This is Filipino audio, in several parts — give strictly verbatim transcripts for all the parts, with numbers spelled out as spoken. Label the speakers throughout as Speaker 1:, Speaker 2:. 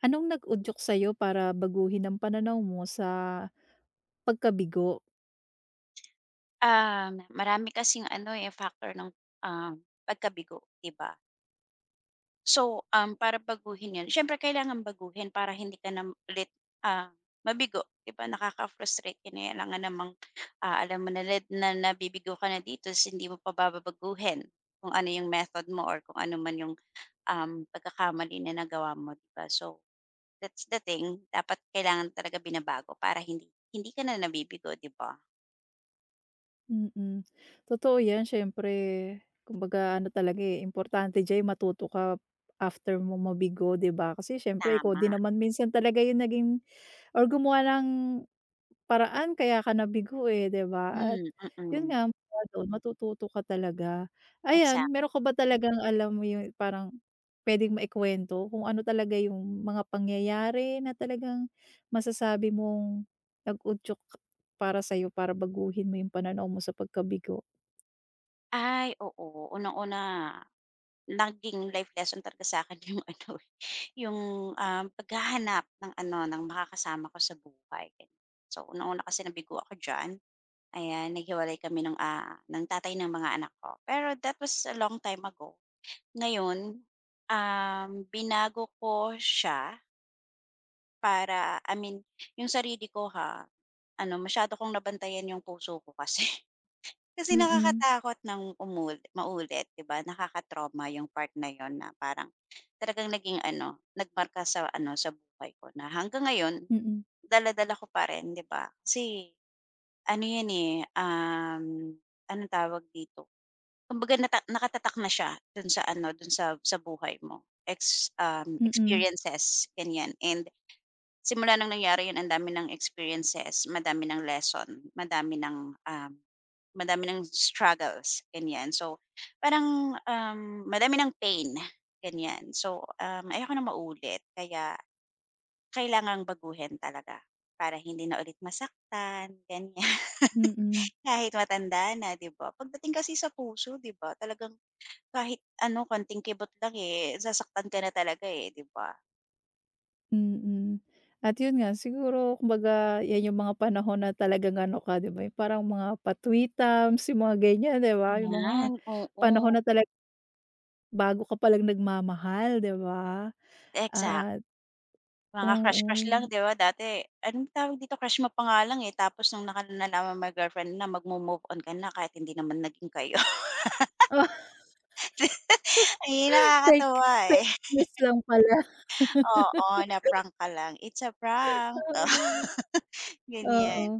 Speaker 1: Anong nag-udyok sa'yo para baguhin ang pananaw mo sa pagkabigo?
Speaker 2: Ah, marami kasing ano, eh, factor ng, uhm, pagkabigo, di ba? So, uhm, para baguhin 'yon siyempre kailangan baguhin, para hindi ka na ulit, ah, mabigo, 'di ba? Nakaka-frustrate din, eh, alangan namang, ah, alam mo na ret na nabibigo ka na dito sin hindi mo pa ba babaguhin, kung ano yung method mo or kung ano man yung, uhm, pagkakamali na nagawa mo, 'di ba? So, that's the thing, dapat kailangan talaga binabago, para hindik hindi ka na nabibigo, 'di ba?
Speaker 1: Mm. Totoo 'yan siyempre, kumbaga ano talaga, eh, importante diya'y matuto ka after mong mabigo, 'di ba? Kasi siyempre, ikaw
Speaker 2: Tama.
Speaker 1: din naman minsan talaga yung naging or gumawa ng paraan kaya ka nabigo, eh, di ba? At
Speaker 2: Hmm,
Speaker 1: yun
Speaker 2: mm.
Speaker 1: nga, mula dun matututo ka talaga.
Speaker 2: Exact.
Speaker 1: Ayan, meron ka ba talagang alam mo yung parang pwedeng ma-ikuwento, kung ano talaga yung mga pangyayari na talagang masasabi mong nag-udyok para sa'yo, para baguhin mo yung pananaw mo sa pagkabigo?
Speaker 2: Ay oo. Unang-una naging life lesson talaga sakin yung ano eh, yung, uhm, paghahanap ng ano, ng makakasama ko sa buhay. So, unang-una kasi nabigo ako diyan, ayan, naghiwalay kami ng, ah, ng tatay ng mga anak ko. Pero that was a long time ago. Ngayon, uhm, binago ko siya para, I mean yung sarili ko ha, ano, masyado kong nabantayan yung puso ko kasi. Kasi
Speaker 1: Mm.
Speaker 2: nakakatakot nang umuli maulit, 'di ba? Nakaka-trauma yung part na 'yon na parang talagang naging ano, nagmarka sa ano, sa buhay ko na hanggang ngayon
Speaker 1: Mm.
Speaker 2: dala-dala ko pa rin, 'di ba? Kasi ano 'yan, eh, uhm anong tawag dito, kumbaga nata nakatatak na siya do'n sa ano, do'n sa sa buhay mo, ex, uhm,
Speaker 1: Mm.
Speaker 2: experiences, ganyan and simula nang nangyari 'yon andami ng experiences, madami nang lesson, madami nang, uhm, madami nang struggles, ganyan. So, parang, uhm, madami ng pain, ganyan. So, uhm, ayoko nang maulit kaya kailangang baguhin talaga para hindi na ulit masaktan, ganyan,
Speaker 1: Mm.
Speaker 2: kahit matanda na, di ba? Pagdating kasi sa puso, di ba, talagang kahit ano, konting kibot lang, eh, nasasaktan ka na talaga, eh, di ba?
Speaker 1: Mm. At 'yun nga, siguro kumbaga, 'yan 'yung mga panahon na talagang ano ka, 'di ba, 'yung parang mga pa-tweetums 'yung mga ganyan, 'di ba, 'yung mga
Speaker 2: Ayan,
Speaker 1: panahon
Speaker 2: oo.
Speaker 1: na tala Bago ka palang nagmamahal, 'di ba,
Speaker 2: Exact.
Speaker 1: at
Speaker 2: Mga
Speaker 1: oo.
Speaker 2: crush-crush lang, 'di ba, dati anong tawag dito, crush mo pa nga lang, eh, tapos nung naka nalaman mong may girlfriend na, magmo-move on ka na kahit hindi naman naging kayo.
Speaker 1: Oh.
Speaker 2: Ayi
Speaker 1: Fake
Speaker 2: nakakatuwa, eh.
Speaker 1: fake news lang pala.
Speaker 2: Oo, na prank ka lang. It's a prank, oh,
Speaker 1: Oo, oo.
Speaker 2: ganyan.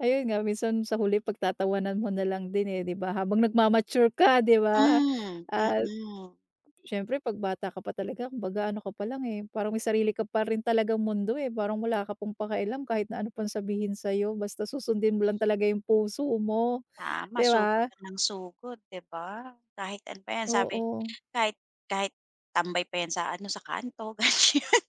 Speaker 1: Ayun nga minsan sa huli, pagtatawanan mo nalang din, eh, 'di ba, habang nagma-mature ka, 'di ba?
Speaker 2: Hmm.
Speaker 1: Ah,
Speaker 2: Mm.
Speaker 1: siyempre 'pag bata ka pa talaga, kumbaga ano ka pa lang, eh, parang may sarili ka pa rin talagang mundo, eh, parang wala ka pang pakialam kahit na ano pang sabihin sa'yo basta susundin mo lang talaga 'yung puso mo,
Speaker 2: Tama,
Speaker 1: 'di
Speaker 2: sugod
Speaker 1: ba?
Speaker 2: lang ng sugod, 'di ba, kahit ano pa 'yan sabi
Speaker 1: Oo.
Speaker 2: kahit kahit tambay pa 'yan sa ano, sa kanto ganyan,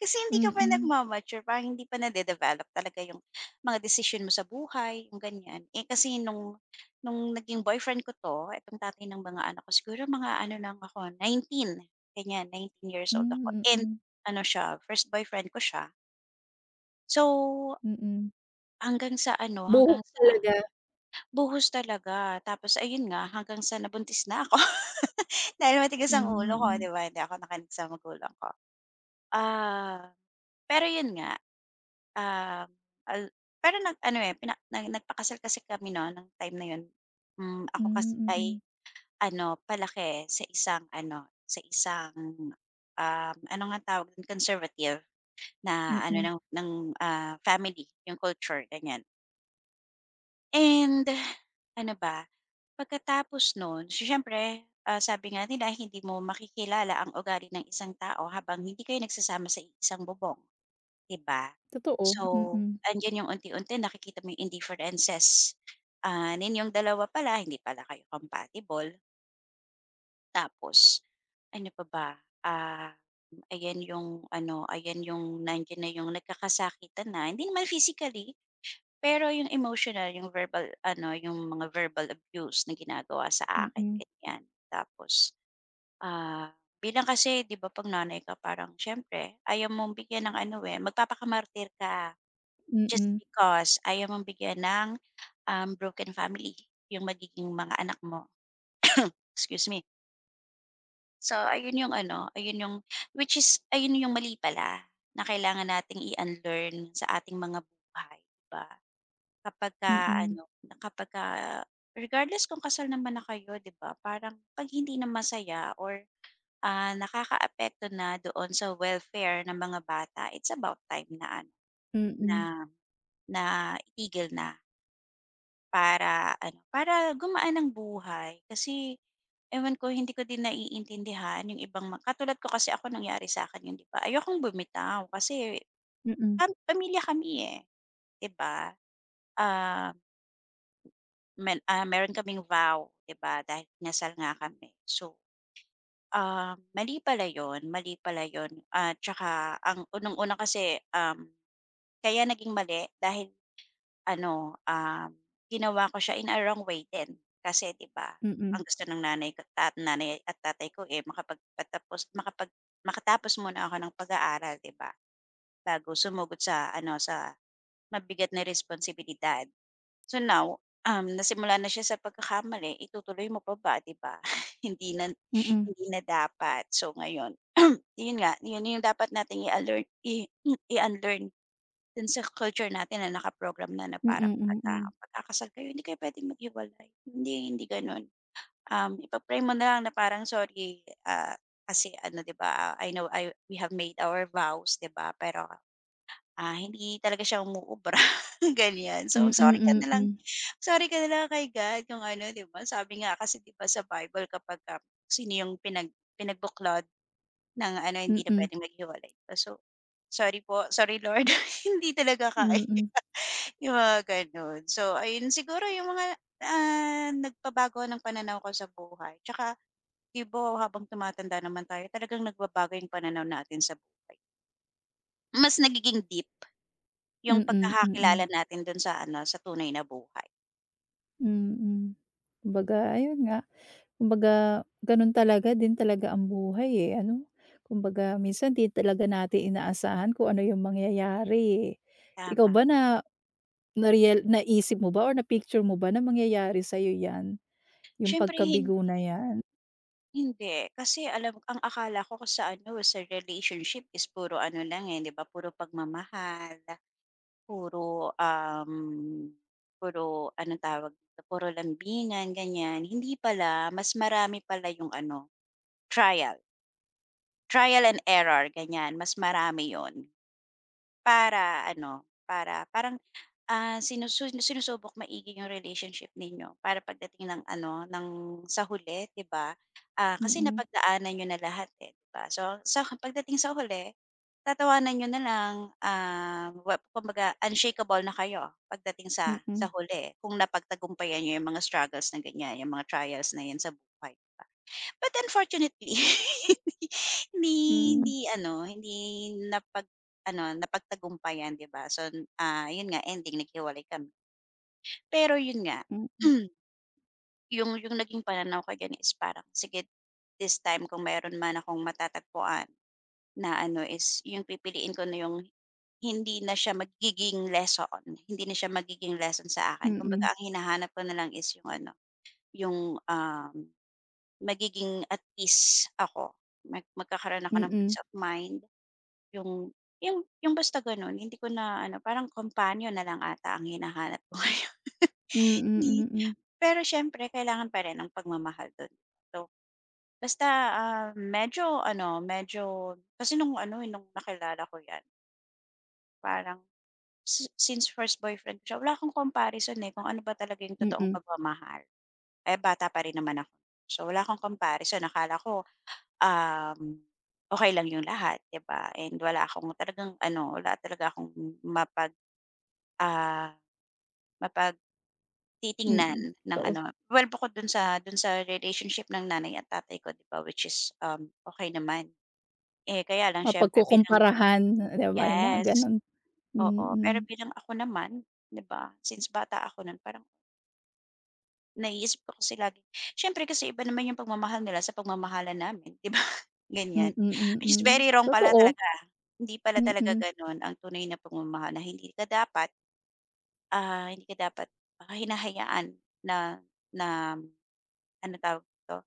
Speaker 2: kasi hindi ka pa
Speaker 1: Mm.
Speaker 2: nagma-mature, parang hindi pa nade-develop talaga 'yung mga desisyon mo sa buhay, 'yung ganyan. Eh, kasi no'ng no'ng naging boyfriend ko 'to, itong tatay ng mga anak ko, siguro mga ano lang ako nineteen ganyan, nineteen years old ako,
Speaker 1: Hmm,
Speaker 2: and
Speaker 1: mm.
Speaker 2: ano siya first boyfriend ko siya. So,
Speaker 1: Mm.
Speaker 2: hanggang sa ano, hanggang
Speaker 1: Buhok
Speaker 2: sa
Speaker 1: talaga.
Speaker 2: buhos talaga, tapos ayun nga, hanggang sa nabuntis na ako, dahil matigas ang
Speaker 1: Hmm.
Speaker 2: ulo ko,
Speaker 1: Mm.
Speaker 2: 'di ba, hindi ako nakinig sa magulang ko. Ah, pero 'yon nga, ah, al pero nag-ano, eh, pina na nagpakasal kasi kami no'n nung time na 'yon. Hmm, ako kasi
Speaker 1: Hmm,
Speaker 2: ay
Speaker 1: mm.
Speaker 2: ano, palaki sa isang ano, sa isang, uhm ano nga tawag dun, conservative na ano
Speaker 1: Mm.
Speaker 2: ng ng, ah, family, yung culture, ganyan. And ano ba, pagkatapos no'n so, siyempre, ah, sabi nga nila, hindi mo makikilala ang ugali ng isang tao habang hindi kayo nagsasama sa iisang bubong, 'di ba?
Speaker 1: Totoo.
Speaker 2: So,
Speaker 1: Mm.
Speaker 2: 'andiyan yung unti-unti nakikita mo yung indifferences, ah, ninyong dalawa pala, hindi pala kayo compatible. Tapos, ano pa ba, ah, ayan yung ano, ayan yung nandiyan na yung nagkakasakitan na, hindi naman physically pero yung emotional, yung verbal ano, yung mga verbal abuse na ginagawa sa akin,
Speaker 1: Mm.
Speaker 2: ganyan. Tapos, ah, bilang kasi 'di ba, 'pag nanay ka parang siyempre ayaw mong bigyan ng ano, eh, magpapakamartir ka just
Speaker 1: Mm.
Speaker 2: because ayaw mong bigyan ng, uhm, broken family yung magiging mga anak mo. Excuse me! So, ayun yung ano, ayun yung which is, ayun yung mali pala, na kailangan nating i-unlearn sa ating mga buhay, 'di ba? Kapagka
Speaker 1: Mm.
Speaker 2: ano, na kapag ka regardless kung kasal naman na kayo, 'di ba, parang 'pag hindi na masaya or, ah, nakakaapekto na doon sa welfare ng mga bata, it's about time na ano, na
Speaker 1: Mm.
Speaker 2: na itigil na para ano, para gumaan ang buhay. Kasi ewan ko, hindi ko din naiintindihan yung ibang ma katulad ko kasi ako nangyari sa akin 'yon, 'di ba? Ayokong bumitaw, kasi
Speaker 1: Mm.
Speaker 2: pam pamilya kami eh, di ba, ah men, ah, meron kaming vow, 'di ba, dahil kinasal nga kami. So, ah, mali pala 'yon. Mali pala 'yon, ah, 'tsaka ang unang-una kasi, um, kaya naging mali dahil ano, um, ginawa ko siya in a wrong way din. Kasi 'di ba,
Speaker 1: Mm.
Speaker 2: ang gusto ng nanay ko ta nanay at tatay ko, eh, makapagpatapos, makapag makatapos muna ako ng pag-aaral, 'di ba, bago sumugod sa ano, sa mabigat na responsibilidad. So, now, um, nasimulan na siya sa pagkakamali itutuloy mo pa ba, 'di ba? Hindi na
Speaker 1: Mm.
Speaker 2: hindi na dapat. So, ngayon, yun nga, yun yung dapat nating i-unlearn i i unlearn, do'n sa culture natin na naka-program na, na parang
Speaker 1: Mm,
Speaker 2: pagka,
Speaker 1: mm.
Speaker 2: pagka kasal kayo, hindi kayo puwedeng maghiwalay, hindi hindi gano'n. Um, ipag-pray mo na lang na parang, "Sorry, ah, kasi ano, 'di ba, ah, I know, I we have made our vows 'di ba, pero, ah, hindi talaga siya umuubra," ganyan. So,
Speaker 1: Mm,
Speaker 2: sorry ka na lang
Speaker 1: mm.
Speaker 2: sorry ka na lang kay God kung ano, 'di ba. Sabi nga kasi, 'di ba, sa Bible kapagka, sino yung pinag pinagbuklod ng ano, hindi na
Speaker 1: Mm.
Speaker 2: puwedeng maghiwalay pa. So, "Sorry po, sorry Lord. Hindi talaga kaya,"
Speaker 1: Mm.
Speaker 2: yung mga ganun. So, ayun siguro, yung mga, ah, nagpabago ng pananaw ko sa buhay, tsaka, 'di ba, habang tumatanda naman tayo talagang nagbabago yung pananaw natin sa buhay. Mas nagiging deep yung
Speaker 1: Mm. Mm.
Speaker 2: pagkakakilala natin do'n sa ano, sa tunay na buhay.
Speaker 1: Mm. Kumbaga ayun nga, kumbaga gano'n talaga din talaga ang buhay eh, ano? Kumbaga minsan 'di talaga natin inaasahan kung ano yung mangyayari, eh. Ikaw
Speaker 2: Tama.
Speaker 1: ba na na-rea naisip mo ba or na-picture mo ba na mangyayari sa'yo 'yan, yung
Speaker 2: Syempre hindi.
Speaker 1: pagkabigo na 'yan?
Speaker 2: Hindi. Kasi alam ang akala ko kasi sa ano, sa relationship is puro ano lang, eh, 'di ba, puro pagmamahal, puro, uhm, puro anong tawag dito, puro lambingan, ganyan. Hindi pala, mas marami pala yung ano, trial. Trial and error, ganyan, mas marami yun. Para ano, para parang, ah, sinusu sinusubok maigi yung relationship ninyo para pagdating ng ano, ng sa huli, 'di ba? Ah, kasi
Speaker 1: Mm.
Speaker 2: napagdaanan n'yo na lahat eh, 'di ba? So, sa pagdating sa huli tatawanan n'yo nalang, ah, well kumbaga unshakeable na kayo pagdating sa sa
Speaker 1: Mm.
Speaker 2: huli kung napagtagumpayan n'yo yung mga struggles na ganyan, yung mga trials na 'yan sa buhay, 'di ba? But unfortunately, hindi 'di
Speaker 1: Hmm.
Speaker 2: hindi ano, hindi napag-ano, napagtagumpayan, 'di ba? son, ah, 'yon nga, ending naghiwalay kami. Pero yun nga,
Speaker 1: Mm.
Speaker 2: yun yung naging pananaw ko ganiyan is parang, sige this time kung mayroon man akong matatagpuan na ano is yung pipiliin ko na yung hindi na siya magiging lesson hindi na siya magiging lesson sa akin.
Speaker 1: Mm.
Speaker 2: Kumbaga ang hinahanap ko na lang is yung ano, yung uhm, magiging at ease ako, mag magkakaroon ako ng
Speaker 1: Mm.
Speaker 2: peace of mind. Yung yung yung basta gano'n. Hindi ko na ano, parang companion na lang ata ang hinahanap ko ngayon,
Speaker 1: Mm.
Speaker 2: ngi.
Speaker 1: Mm.
Speaker 2: Pero siyempre kailangan pa rin ang pagmamahal do'n. So, basta, uhm, medyo ano, medyo kasi no'ng ano, eh, no'ng nakilala ko yan. Parang si since first boyfriend ko siya, wala akong comparison, eh, kung ano ba talaga yung totoong
Speaker 1: Mm.
Speaker 2: pagmamahal. Eh, bata pa rin naman ako, so, wala akong comparison. Akala ko, uhm, okey lang yung lahat, 'di ba, and wala akong talagang ano wala talaga akong mapag ah mapagtitignan
Speaker 1: Mm,
Speaker 2: ng
Speaker 1: kaus
Speaker 2: ano well bukod do'n sa do'n sa relationship ng nanay at tatay ko, 'di ba, which is, uhm, okey naman. Eh, kaya lang siyempre bilang
Speaker 1: Mapagkukumparahan, 'di ba. Yung mga
Speaker 2: yes
Speaker 1: ganun,
Speaker 2: oo, pero
Speaker 1: mm.
Speaker 2: bilang ako naman, 'di ba, since bata ako nun parang naiisip ko kasi lagi siyempre kasi iba naman yung pagmamahal nila sa pagmamahalan namin, 'di ba?
Speaker 1: Mm,
Speaker 2: Ganyan. It is
Speaker 1: mm,
Speaker 2: very wrong pala
Speaker 1: totoo.
Speaker 2: talaga. Hindi pala talaga
Speaker 1: Mm.
Speaker 2: gano'n ang tunay na pagmamahal na hindi ka dapat, ah hindi ka dapat hinahayaan na na ano tawag dito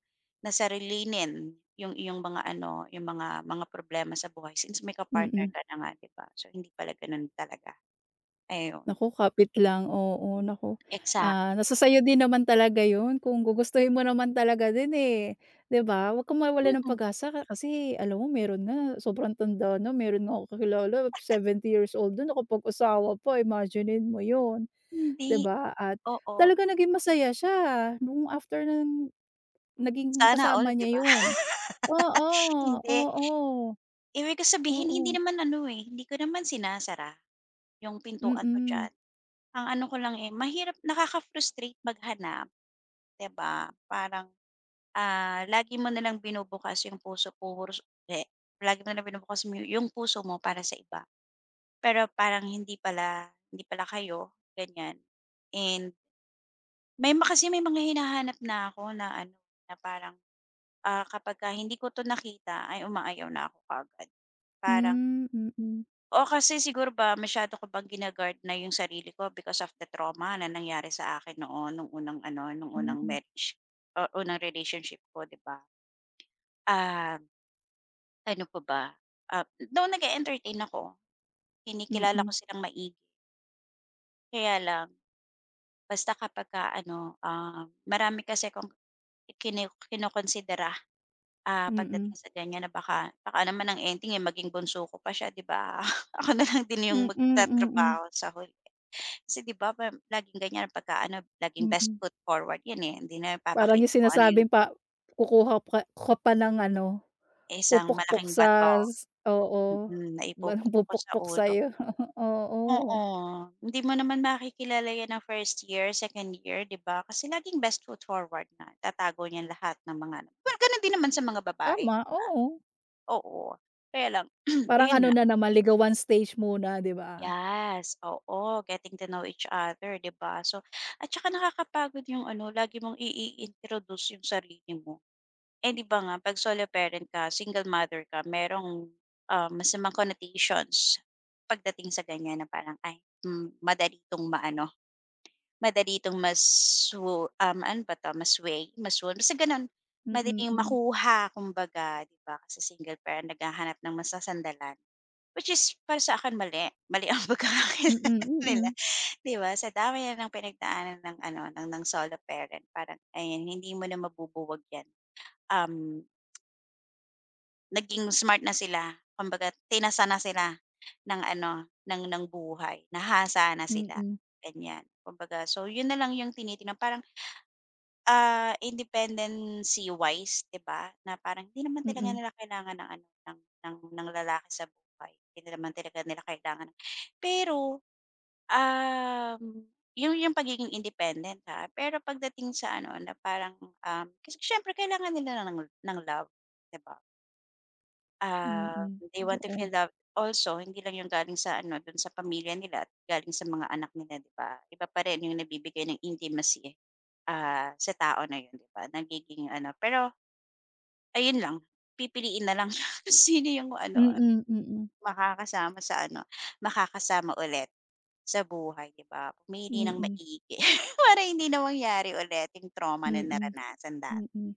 Speaker 2: na sarilinin yung iyong mga ano, yung mga mga problema sa buhay since may ka-partner
Speaker 1: Mm.
Speaker 2: ka na nga, 'di ba, so, hindi pala ganun talaga, ayon.
Speaker 1: Naku kapit lang, oo, naku,
Speaker 2: Exact.
Speaker 1: ah, nasa sa'yo din naman talaga 'yon kung gugustuhin mo naman talaga din, eh, 'di ba? Huwag kang mawalan ng
Speaker 2: Mm.
Speaker 1: pag-asa ka kasi alam mo meron nga sobrang tanda na, meron nga ako kakilala seventy years old yun nakapag-asawa pa imaginin mo 'yon, 'di
Speaker 2: Hindi,
Speaker 1: ba? At
Speaker 2: oo.
Speaker 1: talaga naging masaya siya no'ng after nung naging
Speaker 2: Sana all,
Speaker 1: kasama
Speaker 2: 'di ba?
Speaker 1: niya 'yon, oo,
Speaker 2: Hindi.
Speaker 1: oo.
Speaker 2: Ibig ko sabihin hindi
Speaker 1: Oo.
Speaker 2: naman ano, eh, hindi ko naman sinasara yung pintuan ko
Speaker 1: Mm.
Speaker 2: diyan. Ang ano ko lang, eh, mahirap nakaka-frustrate maghanap 'di ba? Parang, ah, lagi mo na lang binubukas yung puso ko, ru so eh, lagi na lang binubukas mo yung puso mo para sa iba. Pero parang hindi pala hindi pala kayo ganyan and may ma kasi may mga hinahanap na ako na ano, na parang, ah, kapag ka hindi ko to nakita ay umaayaw na ako kaagad. Parang
Speaker 1: Hmm, mm.
Speaker 2: oh, kasi siguro ba masyado ko bang gina-guard na yung sarili ko because of the trauma na nangyari sa akin noon noong unang ano, nu'ng unang
Speaker 1: Mm.
Speaker 2: marriage, oo, unang relationship ko, 'di ba? Ah, ano pa ba? Ah, noon nag-eentertain ako, kinikilala ko
Speaker 1: Mm.
Speaker 2: silang maigi. Kaya lang, basta kapagka-ano, uhm, marami kasi akong ikiniw kinokonsidera, ah,
Speaker 1: Mm.
Speaker 2: pagdating sa ganyan, na baka baka naman ang ending, eh, maging bunso ko pa siya, 'di ba, ako na lang din yung
Speaker 1: Mm, mm.
Speaker 2: magtatrabaho sa huli. Kasi, 'di ba, parang laging ganyan pagka-ano, laging best
Speaker 1: Mm.
Speaker 2: foot forward 'yon, eh. Hindi na
Speaker 1: Parang yung
Speaker 2: ipapakita kung ano yung
Speaker 1: sinasabing pa kukuha pa ku ka pa ng ano,
Speaker 2: Isang
Speaker 1: pupukpok
Speaker 2: malaking bato,
Speaker 1: sa s oo,
Speaker 2: mm, na
Speaker 1: batong
Speaker 2: ipupukpok ko sa
Speaker 1: pupukpok
Speaker 2: ulo.
Speaker 1: sa'yo, oo.
Speaker 2: Oo, hindi mo naman makikilala 'yan ng first year, second year, 'di ba? Kasi laging best foot forward nga, itatago niya lahat ng mga well, ganun din naman sa mga babae, di
Speaker 1: Tama,
Speaker 2: ba?
Speaker 1: oo.
Speaker 2: Oo, kaya lang
Speaker 1: Parang
Speaker 2: ayon
Speaker 1: ano
Speaker 2: nga.
Speaker 1: na naman, ligawan stage muna, di ba?
Speaker 2: Yas, oo, getting to know each other, 'di ba? So, at tsaka nakakapagod yung ano, lagi mong i i-introduce yung sarili mo. Eh, 'di ba, nga, 'pag solo parent ka, single mother ka, merong, uhm, masamang connotations pagdating sa ganyan na parang, ay, hmm, madali itong ma-ano, madali itong ma-swo um ano ba 'to, ma-sway, ma swoon, basta gano'n.
Speaker 1: Mm,
Speaker 2: Madaling
Speaker 1: hmm.
Speaker 2: makuha kumbaga 'di ba, kasi single parent, naghahanap ng masasandalan which is para sa akin, mali. Mali ang
Speaker 1: Mm,
Speaker 2: pagkakakilala nila
Speaker 1: mm.
Speaker 2: 'di ba? Sa dami na ng pinagdaanan ng ano, ng ng solo parent parang, ayan, hindi mo na mabubuwag 'yan. Uhm Naging smart na sila kumbaga tinasa na sila ng ano, ng ng buhay, nahasa na sila
Speaker 1: Mm.
Speaker 2: ganiyan. Kumbaga so 'yon na lang 'yong tinitignan parang, ah, independency wise, 'di ba, na parang hindi naman talaga
Speaker 1: Mm.
Speaker 2: nila kailangan ng ano ng ng lalaki sa buhay hindi naman talaga nila kailangan. Pero, uhm, yung yung pagiging independent ha pero pagdating sa ano na parang, uhm kasi siyempre kailangan nila ng la ng love, 'di ba? Ah,
Speaker 1: Mm.
Speaker 2: they want to feel
Speaker 1: Totoo.
Speaker 2: love also hindi lang 'yong galing sa ano do'n sa pamilya nila galing sa mga anak nila, 'di ba? Iba pa rin 'yong nabibigay ng intimacy, ah, sa tao na 'yon, 'di ba, nagiging ano pero ayun lang pipiliin na lang yung sino 'yong ano
Speaker 1: Mm. Mm.
Speaker 2: makakasama sa ano makakasama ulit sa buhay, 'di ba? Pumili nang
Speaker 1: Mm.
Speaker 2: maigi para hindi na mangyari ulit 'yong trauma na
Speaker 1: Mm.
Speaker 2: naranasan dat.
Speaker 1: Mm.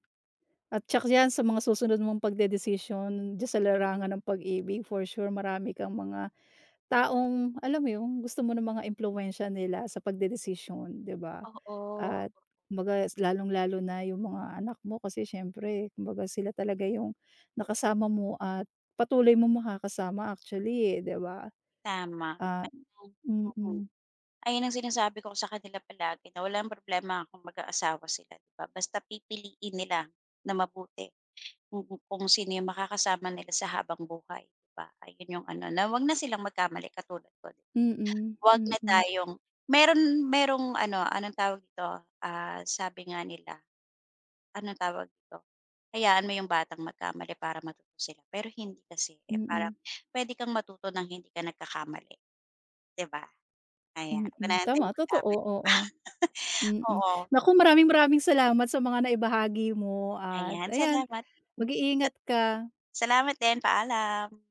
Speaker 1: At tiyak diyan sa mga susunod mong pagdedesisyon diyan sa larangan ng pag-ibig for sure marami kang mga, taong alam mo 'yong gusto mo ng mga impluwensiya nila sa pagdedesisyon, 'di ba,
Speaker 2: Oo.
Speaker 1: at kumbaga lalong-lalo na 'yong mga anak mo kasi siyempre kumbaga sila talaga 'yong, nakasama mo at patuloy mong makakasama actually, eh, 'di ba?
Speaker 2: Tama.
Speaker 1: Ah
Speaker 2: [unintelligible]
Speaker 1: mm.
Speaker 2: ayan ang sinasabi ko sa kanila palagi na walang problema kung mag-aasawa sila, 'di ba, basta pipiliin nila na mabuti kung kung sino 'yong makakasama nila sa habang buhay, 'di ba, ayun 'yong ano na 'wag na silang magkamali katulad ko.
Speaker 1: Mm.
Speaker 2: 'Wag na
Speaker 1: Mm.
Speaker 2: tayong meron, merong ano anong tawag dito, ah, sabi nga nila anong tawag dito. Hayaan mo 'yong batang magkamali para matuto sila pero hindi kasi parang
Speaker 1: Mm.
Speaker 2: pwede kang matuto ng hindi ka nagkakamali, 'di ba? Ayan 'wag mo ng
Speaker 1: Mm.
Speaker 2: hintaying
Speaker 1: Tama totoo,
Speaker 2: magkamali pa.
Speaker 1: oo. Mm.
Speaker 2: Oo.
Speaker 1: Naku maraming-maraming salamat sa mga naibahagi mo at
Speaker 2: Ayan
Speaker 1: ayan,
Speaker 2: salamat. Hmm. Sa
Speaker 1: mag-iingat ka.
Speaker 2: Salamat din paalam.